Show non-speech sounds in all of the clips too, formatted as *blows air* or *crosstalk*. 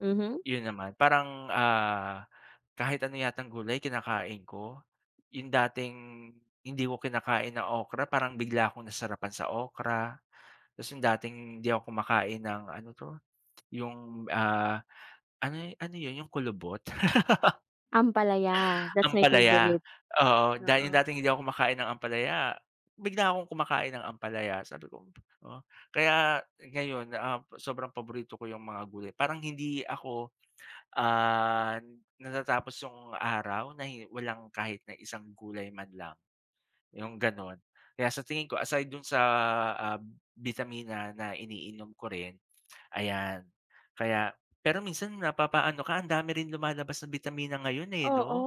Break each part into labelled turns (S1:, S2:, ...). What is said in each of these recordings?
S1: Mhm.
S2: 'Yun naman parang ah, kahit ano yatang gulay kinakain ko. 'Yung dating hindi ko kinakain na okra parang bigla akong nasarapan sa okra. Tapos 'yung dating hindi ako kumakain ng ano 'to, *clicks tongue* 'yung, ah, ano ano 'yun, 'yung kulubot?
S1: Ampalaya,
S2: *laughs*
S1: that's my
S2: Ampalaya.
S1: favorite.
S2: Oo dahil 'yung
S1: Oo.
S2: dating hindi ako kumakain ng ampalaya, bigla akong kumakain ng ampalaya. Sabi ko "Oh." Kaya ngayon, um, sobrang paborito ko 'yung mga gulay. Parang hindi ako, ah, natatapos 'yung araw na hin walang kahit na isang gulay man lang, 'yung ganon. Kaya sa tingin ko aside dun sa ah, bitamina na iniinom ko rin *clicks tongue* ayan. Kaya pero minsan napapaano ka, ang dami rin lumalabas na bitamina ngayon, eh,
S1: Oo,
S2: 'no?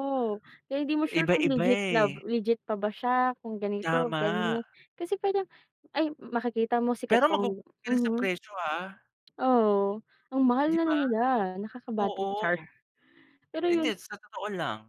S1: kaya hindi mo sure
S2: Iba
S1: kung
S2: iba
S1: legit na
S2: eh.
S1: legit pa ba siya kung ganito,
S2: Tama.
S1: ganyan. Kasi pwede yang ay ma makikita mo sikat
S2: Pero
S1: pa
S2: magugulat ka rin sa
S1: mhm.
S2: presyo ha.
S1: Oo, ang mahal
S2: 'Di
S1: na na
S2: ba?
S1: nila, nakaka-bad
S2: Oo.
S1: trip, char. Pero 'yun
S2: Hindi, sa totoo lang.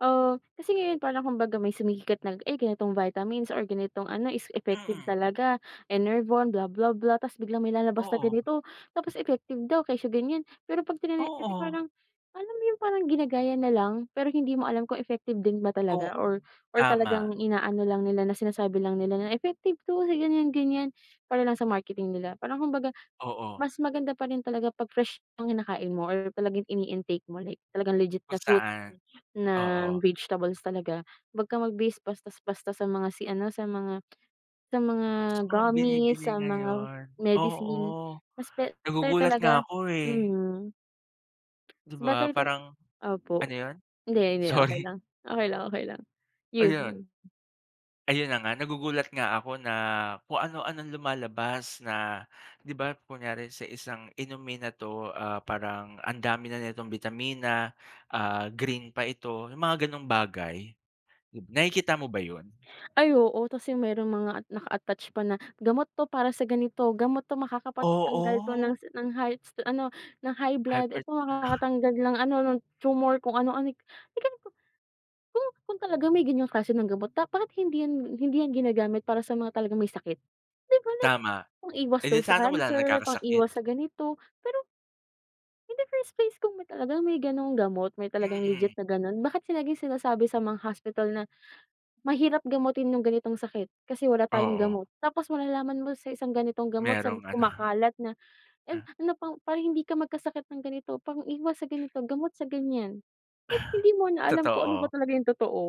S1: Oh, kasi ngayon parang kumbaga may sumikat na ay ganitong vitamins or ganitong ano, is effective
S2: Mm.
S1: talaga. Enervon, blah blah blah tapos biglang may lalabas na
S2: Oo.
S1: ganito, tapos effective daw kesyo ganyan. Pero 'pag tinani kasi
S2: Oo.
S1: parang alam mo 'yun parang ginagaya na lang, pero hindi mo alam kung effective din ba
S2: Ku
S1: talaga or or
S2: tama.
S1: talagang inaano lang nila na sinasabi lang nila na effective 'to sa ganyan ganyan, para lang sa marketing nila. Parang kumbaga,
S2: Oo.
S1: mas maganda pa rin talaga 'pag fresh ang kinakain mo or talagang ini-intake mo, talagang legit
S2: Kung
S1: na fruit,
S2: saan, oo.
S1: ng vegetables talaga. Huwag kang mag-based basta basta sa mga si ano sa mga *tsk* sa mga
S2: Sa mga
S1: gummies,
S2: binibili
S1: sa mga
S2: ngayon. Oo.
S1: medicine, mas better
S2: Nagugulat nga
S1: talaga
S2: ako eh.
S1: mm.
S2: 'Di
S1: Mas
S2: ba?
S1: better to
S2: Parang
S1: opo
S2: ano 'yun?
S1: hindi hindi okey
S2: Sorry.
S1: lang okey lang okey lang. 'Yun
S2: Ayan.
S1: yun.
S2: Ayun na nga nagugulat nga ako na kung ano-ano lumalabas na 'di ba, kunyari sa isang inumin na to, ah, parang ang dami na nitong bitamina, ah, green pa ito, 'yung mga ganong bagay. Dib nakikita mo ba 'yun?
S1: Ay, oo tapos yung merong mga ah, naka-attach pa na, "Gamot to para sa ganito. Gamot to makakapagtanggal to
S2: Oo.
S1: ng s ng highs ano, ng high blood.
S2: Hypert
S1: Eto
S2: *chuckles*
S1: makakatanggal ng ano, ng tumor kung ano anik." May ganun pa. Kung kung talagang may ganyang klase ng gamot pa, bakit hindi 'yan hindi 'yan ginagamit para sa mga talagang may sakit, 'di ba? Like,
S2: Tama.
S1: pang-iwas
S2: Eh,
S1: daw
S2: di
S1: sa
S2: sana wala na
S1: cancer, pang-iwas sa
S2: nagkakasakit?
S1: ganito. Pero in the first place, kung may talagang may ganong gamot, may talagang
S2: Mm.
S1: legit na ganun. Bakit laging sinasabi sa mga hospital na, "Mahirap gamutin 'yung ganitong sakit, kasi wala tayong
S2: Oo.
S1: gamot." Tapos malalaman mo sa isang ganitong gamot sa
S2: Merong ano *chuckles*
S1: kumakalat na e
S2: Ah.
S1: ano pang para hindi ka magkasakit ng ganito pang-iwas sa ganito gamot sa ganyan. Like hindi mo
S2: *blows air*
S1: na alam kung ano ba
S2: Totoo.
S1: talaga 'yung totoo?